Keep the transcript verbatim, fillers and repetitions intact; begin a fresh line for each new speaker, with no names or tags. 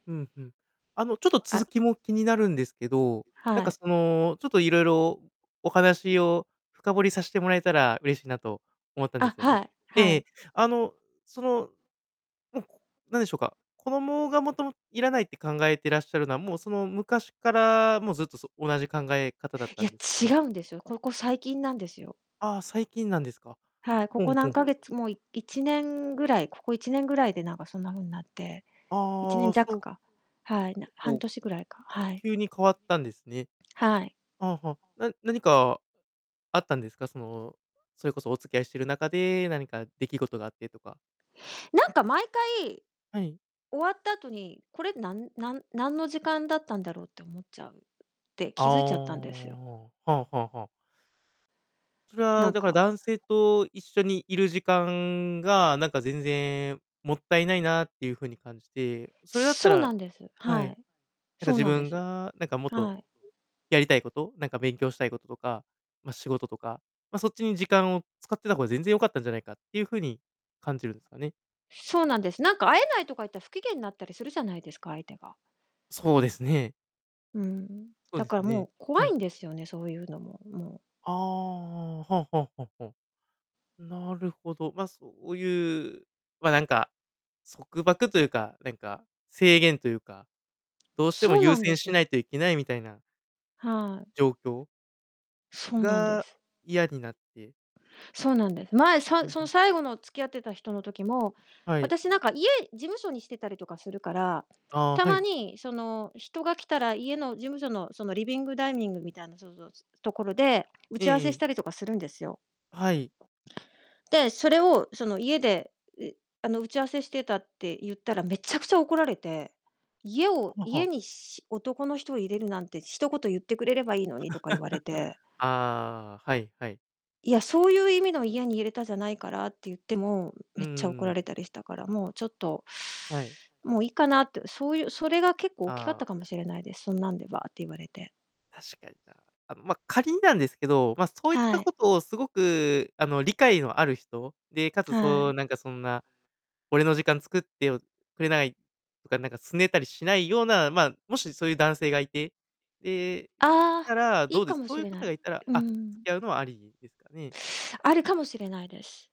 うん、ふん。あのちょっと続
あ。
きも気になるんですけど、なん
は
か
い。
そのちょっといろいろお話を深掘りさしてもらえたら嬉しいなと思ったんで
あ、
すよ
は
ね。
い、は
え
い。
え、あの、その、うん、なんでしょうか。子供がもともいらないって考えてらっしゃるのは、もうその昔からもうずっと、そ同じ考え方だっ
い
た
や、
んですか
違
ね。
うんですよ。ここ最近なんですよ。
あ、最近なんですか。
はい、こ
ほん
こ
ほ
何
ん
ヶ
ほん。
月、もういいちねんぐらい、ここいちねんぐらいでなんかそんな風になって、いちね
あ
ん
あ、そ
弱
う。
か。はい、な
え。
半
おう。
年ぐらいか、はい。
急に変わったんですね。
はい。
ああ、はあ、な何かあったんですか？その、それこそお付き合いしてる中で何か出来事があってとか。
なんか毎回、
はい。
終わった後に、これなんなんなんの時間だったんだろうって思っちゃうって
あ、
気づいちゃったんですよ。
おお、はあはあはあ。それ
な
は
ん
だから
か
男性と一緒にいる時間がなんか全然もったいないなっていうふうに感じて、それだった
そうな
ら、
んです。
は
は
い、
い、
なんか
そう
自
なんで
分
す。
がなんかもっと、う
はい。
やりたいこと、なんか勉強したいこととか、ま、仕事とか、ま、そっちに時間を使ってた方が全然よかったんじゃないかっていうふうに感じるんですかね。
そうなんです。なんか会えないとか言ったら、不機嫌なったりするじゃないですか、相手が。
そうですね。
うん、
そう
だ
で
か
す
らも
ね、
う怖
は
い
い。
んですよね、そういうのも、もう。
あお、はあはあはあ、ほん。なるほど、ま、そういう、ま、なんか束縛というか、なんか制限というか、どうしても
そう
優
なんで
先
す
しな
よ。
いといけないみたいな
はい。
状況
そうなんで
が
す。
嫌になって。
そうなんです。前さその
[unintelligible]
最後の付き合ってた人の時も
はい。
私なんか家事務所にしてたりとかするから、
あ、
た
は
ま
い。
にその、人が来たら家の事務所のそのリビングダイニングみたいなぞぞつつところで打
え
ち合わ
ええ
せし
え。
たりとかするんですよ。
あ、はい。
で、それをその「家で、うえあの打ち合わせしてた」って言ったら、めちゃくちゃ怒られて、「家を
はあは
家
あ。
にし男の人を入れるなんて一言言ってくれればいいのに」と か言われて。
ああ、はいはい。
「いや、そういう意味の家に入れたじゃないから」って言っても、
う
めっちゃ怒
ー
ら
ん。
れたりしたから、もうちょっと
はい。
もういいかなって、そういうそれが結構大きかっ
あ
たか
あ。
もしれないです。そんなんでばって言われて。
確かにな。あん、ま、仮になんですけど、ま、そういっ
は
た
い。
ことをすごく、あの、理解のある人、で、かつ
は
そう
い。
なんかそんな俺の時間作ってよくれないとか、なんか拗ねたりしないような、まあ、もしそういう男性がいてで、
あ
た
あ、
ら
い
ど
い
うで
か
す、
も
そう
し
いう
れな
方が
い。
いたら、
う
あ、付
ん。
き合うのはありですかね。
あるかもしれないです。